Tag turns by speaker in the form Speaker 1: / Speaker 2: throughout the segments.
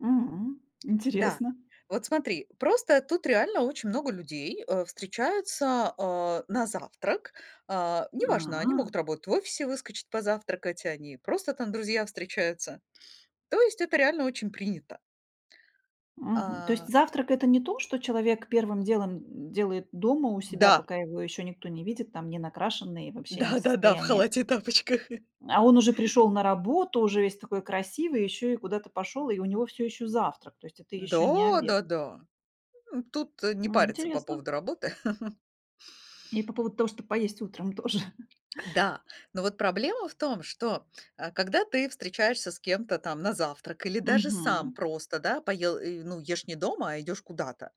Speaker 1: Мгм.
Speaker 2: Да,
Speaker 1: Интересно.
Speaker 2: вот смотри, просто тут реально очень много людей, э, встречаются, а, на завтрак. А, неважно, они
Speaker 1: А.
Speaker 2: могут работать в офисе, выскочить позавтракать, они просто там, друзья, встречаются. То есть это реально очень принято.
Speaker 1: Мгм, то есть
Speaker 2: А
Speaker 1: завтрак- это не то, что человек первым делом, м, делает дома у себя,
Speaker 2: Да.
Speaker 1: пока его еще никто не видит, там, ненакрашенный, вообще не в
Speaker 2: Да да да, в
Speaker 1: состоянии.
Speaker 2: халате и тапочках.
Speaker 1: А он уже пришел на работу, уже весь такой красивый, еще и куда-то пошел, и у него всё еще завтрак, то есть это еще не обед.
Speaker 2: Да-да-да, э, тут не
Speaker 1: М.
Speaker 2: парятся по
Speaker 1: Интересно.
Speaker 2: поводу работы.
Speaker 1: И по поводу того, чтобы поесть утром тоже.
Speaker 2: Да, но вот проблема в том, что, а когда ты встречаешься с кем-то там на завтрак или даже сам
Speaker 1: Мгм.
Speaker 2: просто, да, поел, э, ну, ешь не дома, а идёшь куда-то,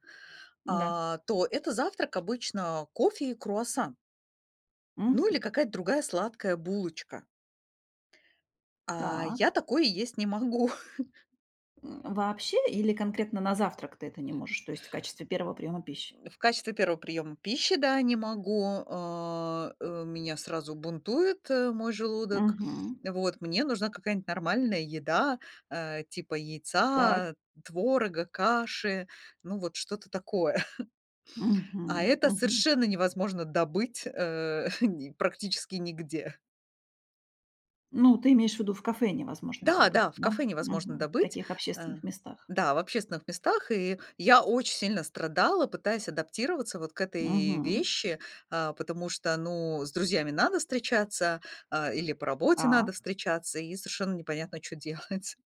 Speaker 1: М-да.
Speaker 2: а, то это завтрак обычно кофе и круассан. Ну, или
Speaker 1: Мгм.
Speaker 2: какая-то другая сладкая булочка. А
Speaker 1: Так.
Speaker 2: я такое есть не могу.
Speaker 1: М. Вообще или конкретно на завтрак ты это не можешь, то есть в качестве первого приёма пищи?
Speaker 2: М. В качестве первого приёма пищи, да, не могу. А, э, меня сразу бунтует, э, мой желудок.
Speaker 1: Мгм.
Speaker 2: Вот мне нужна какая-нибудь нормальная еда, э, типа
Speaker 1: Так.
Speaker 2: яйца, творога, каши. Ну, вот что-то такое, а,
Speaker 1: Мгм.
Speaker 2: это
Speaker 1: Мгм.
Speaker 2: совершенно невозможно добыть, э, ни практически нигде.
Speaker 1: Ну, ты имеешь в виду, в кафе невозможно там
Speaker 2: Да,
Speaker 1: быть,
Speaker 2: да, в
Speaker 1: да,
Speaker 2: кафе невозможно
Speaker 1: мгм, в
Speaker 2: добыть,
Speaker 1: таких
Speaker 2: э,
Speaker 1: общественных местах.
Speaker 2: да, в общественных местах. И я очень сильно страдала, пытаясь адаптироваться вот к этой
Speaker 1: Мгм.
Speaker 2: вещи, а, потому что, ну, с друзьями надо встречаться, а, или по работе надо
Speaker 1: Так.
Speaker 2: встречаться, и совершенно непонятно, чё делать.